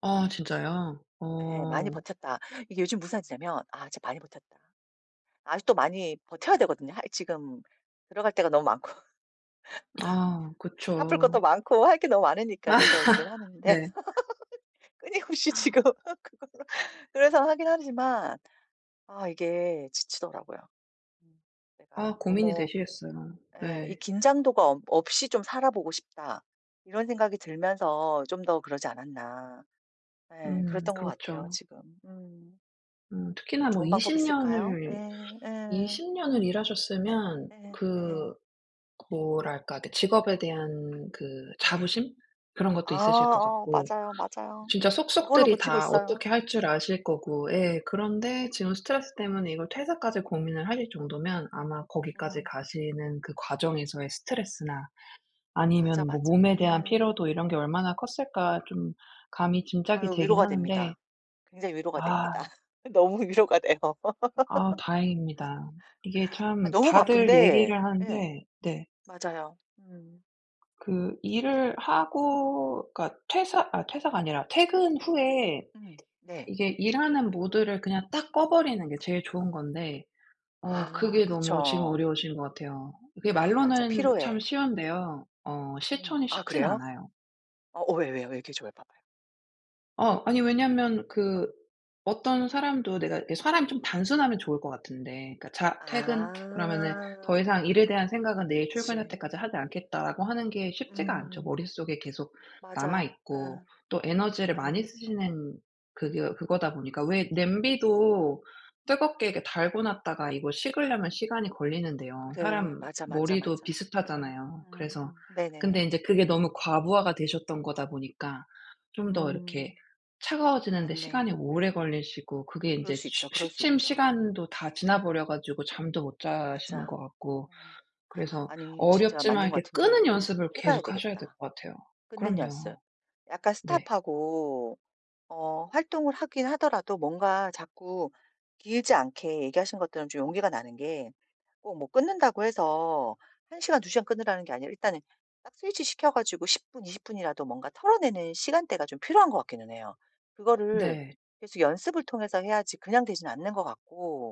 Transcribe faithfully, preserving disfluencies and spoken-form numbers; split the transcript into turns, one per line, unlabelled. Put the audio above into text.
아 진짜요?
예, 많이
어.
버텼다. 이게 요즘 무산 뜻이냐면 아 진짜 많이 버텼다. 아직도 많이 버텨야 되거든요. 아 이 지금 들어갈 데가 너무 많고
아
갚을 것도
그쵸.
많고 할 게 너무 많으니까 계속 일을 하는데
네.
끊임없이 지금 그거를 그래서 하긴 하지만 아 이게 지치더라고요. 내가
아 고민이
너무
되시겠어요.
예 이
네.
'긴장도가 없 없이 좀 살아보고 싶다.' 이런 생각이 들면서 좀 더 그러지 않았나. 예
음
그랬던 것 같아요
그렇죠.
지금. 음.
음
좀
특히나 뭐
좋은 방법이
이십
있을까요?
년을,
예, 예.
이십 년을
예?
일하셨으면
예 예.
그 뭐랄까, 그 직업에 대한 그
네.
자부심? 그런
아
것도 있으실 것
어
같고
맞아요, 맞아요.
진짜
그걸로
속속들이
버티고
다
있어요.
어떻게 할 줄 아실 거고 예 그런데 지금 스트레스
음.
때문에 이걸 퇴사까지 고민을 하실 정도면 아마 거기까지
음.
가시는 그 과정에서의 스트레스나
맞아,
아니면 뭐
맞아.
몸에 대한
예.
피로도 이런 게 얼마나 컸을까? 좀 감히 짐작이
아유
되긴
위로가
하는데.
됩니다. 굉장히 위로가
아.
됩니다. 너무 위로가 돼요.
아 다행입니다. 이게
아
참
너무
다들
바쁜데
얘기를
예
하는데. 네.
맞아요. 음.
그 일을 하고 그러니까 퇴사 아, 퇴사가 아니라 퇴근 후에
음 네.
이게 일하는 모드를 그냥 딱 꺼버리는 게 제일 좋은 건데 어
아
그게 너무 지금
그쵸.
어려우신 것 같아요. 그게
아 맞아.
말로는 참
필요해. 음.
쉬운데요 어
음.
실천이
아
쉽진
그래요?
않아요.
어 왜요, 왜요. 왜 얘기 좀 해 봐 봐요.
어 아니 왜냐면
어.
그 어떤 사람도 내가 이렇게 사람이 좀 단순하면 좋을 것 같은데 그러니까 "자 퇴근." 그러면은 "더
아.
이상 일에 대한 생각은 내일 출근할
그렇지.
때까지 하지 않겠다."라고 하는 게 쉽지가 않죠.
음.
머릿속에 계속 남아
맞아.
있고.
예.
또 에너지를 많이
예.
쓰시는 그거 그거다 보니까 왜 냄비도 뜨겁게 이게 달궈 놨다가 이거 식으려면 시간이 걸리는데요.
그래.
사람
맞아, 맞아,
머리도
맞아. 아
비슷하잖아요.
음
그래서
음.
근데
네네네.
인제 그게 너무 과부하가 되셨던 거다 보니까 좀 더 이렇게
음.
차가워지는 데
맞네.
시간이 오래 걸리시고 그게
그럴
인제
수
취
있죠, 그럴 수
취침
있죠.
시간도 다 지나버려 가지고 잠도 못 주무시는 자시는
맞아.
것 같고
음
그래서
아니 진짜
어렵지만
맞는 것
이렇게
같은 게
끄는 연습을
해봐야
계속하셔야 될
되겠다,
것 같아요.
끊는
그럼요.
연습. 약간
네.
스톱하고 어 활동을 하긴 하더라도 뭔가 자꾸 길지 않게. 얘기하신 것들은 좀 용기가 나는 게 꼭 뭐 끊는다고 해서 한 시간, 두 시간 끊으라는 게 아니라 일단은 딱 스위치 시켜 가지고 십 분, 이십 분이라도 뭔가 털어내는 시간대가 좀 필요한 것 같기는 해요. 그거를
네.
계속 연습을 통해서 해야지 그냥 되진 않는 것 같고.